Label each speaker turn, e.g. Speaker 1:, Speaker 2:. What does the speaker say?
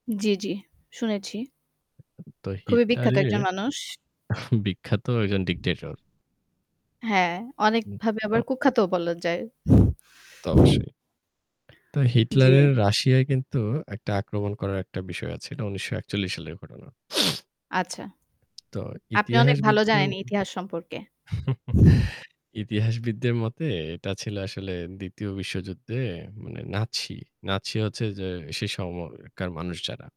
Speaker 1: জ্বী, জ্বী। শুনেছি।
Speaker 2: তো
Speaker 1: খুবই বিখ্যাত
Speaker 2: হিটলারের
Speaker 1: একজন মানুষ।
Speaker 2: বিখ্যাত একজন ডিক্টেটর।
Speaker 1: হ্যাঁ,
Speaker 2: হুম,
Speaker 1: অনেকভাবে আবার
Speaker 2: তো
Speaker 1: কুখ্যাতও বলা যায়।
Speaker 2: তা তো অবশ্যই। তো
Speaker 1: জ্বী।
Speaker 2: হিটলারের রাশিয়ায় কিন্তু একটা আক্রমণ করার একটা বিষয় আছে। এটা ১৯৪১ সালের ঘটনা।
Speaker 1: আচ্ছা।
Speaker 2: তো
Speaker 1: আপনি অনেক ভালো
Speaker 2: ইতিহাসবিদদের
Speaker 1: জানেন
Speaker 2: উম
Speaker 1: ইতিহাস সম্পর্কে।
Speaker 2: ইতিহাসবিদদের মতে এটা ছিল আসলে ২য় বিশ্বযুদ্ধে মানে নাৎসি। নাৎসি হচ্ছে যে, সে সময়কার মানুষ যারা।